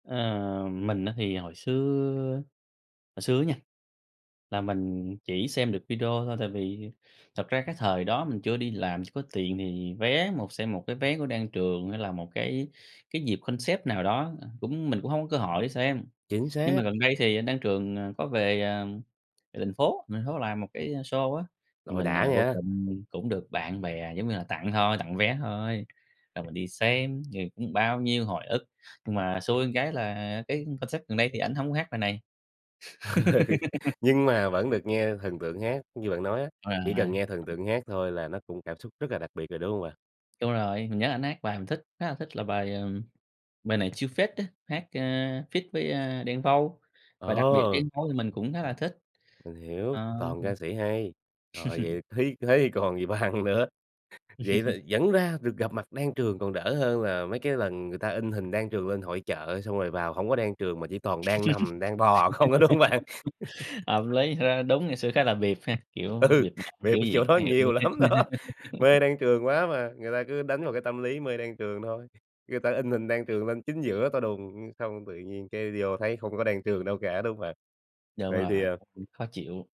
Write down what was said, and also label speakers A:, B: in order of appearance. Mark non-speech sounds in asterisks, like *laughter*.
A: Ờ, mình á thì hồi xưa á, hồi xưa á nha, là mình chỉ xem được video thôi, tại vì thật ra cái thời đó mình chưa đi làm, chưa có tiền thì vé một xem một cái vé của Đan Trường hay là một cái cái dịp concept nào đó, à, cũng mình cũng hông có cơ hội để xem.
B: Chính
A: Nhưng
B: xác.
A: mà gần đây thì anh Đan Trường, ờ, có về, à, về thành phố, về thành phố làm một cái show á, thì
B: Rồi
A: mình,
B: đã
A: à, vô
B: nha!
A: tình mình cũng được bạn bè giống như là tặng thôi, tặng vé thôi. Rồi mình đi xem thì cũng bao nhiêu hồi ức, nhưng mà xui cái là, à, cái concert gần đây thì ảnh hông hát bài này.
B: *laughs* Nhưng mà
A: *laughs*
B: vẫn được nghe thần tượng hát. Như bạn nói á, chỉ cần nghe thần
A: *unintelligible*
B: tượng hát thôi là nó cũng cảm xúc rất là đặc biệt rồi, đúng hông bạn?
A: Đúng rồi, mình nhớ ảnh hát bài mình thích khá là thích, là bài, ừm, "Bài Này Chill Phết" á, hát, a, feat với, a, Đen Vâu. Và đặc biệt Đen
B: Ồ!
A: Vâu thì mình cũng khá là thích.
B: Mình hiểu,
A: Ờ,
B: toàn
A: ừm.
B: ca sĩ hay, rồi, vậy
A: *laughs*
B: thế thế thì còn gì bằng nữa. Vậy là
A: *laughs*
B: vẫn ra được gặp mặt Đan Trường, còn đỡ hơn là mấy cái lần người ta in hình Đan Trường lên hội chợ xong rồi vào hông có Đan Trường mà chỉ toàn đang nằm, đang bò không á, đúng hông bạn?
A: *laughs*
B: *laughs*
A: Hợp lý, thật ra đúng ngày xưa khá là bịp ha? Kiểu,
B: Ừ,
A: bịp bợm
B: bịp
A: kiểu
B: ở
A: gì
B: chỗ
A: khó
B: đó
A: hiểu dữ
B: nhiều
A: ha.
B: lắm đó, mê
A: *laughs*
B: Đan Trường quá mà. Người ta cứ đánh vào cái tâm lý mê Đan Trường thôi, người ta in hình Đan Trường lên chính giữa to đùng, xong tự nhiên cái vô thấy không có Đan Trường đâu cả, đúng hông bạn?
A: Đúng
B: Vậy thì,
A: rồi,
B: à
A: *unintelligible* khó chịu.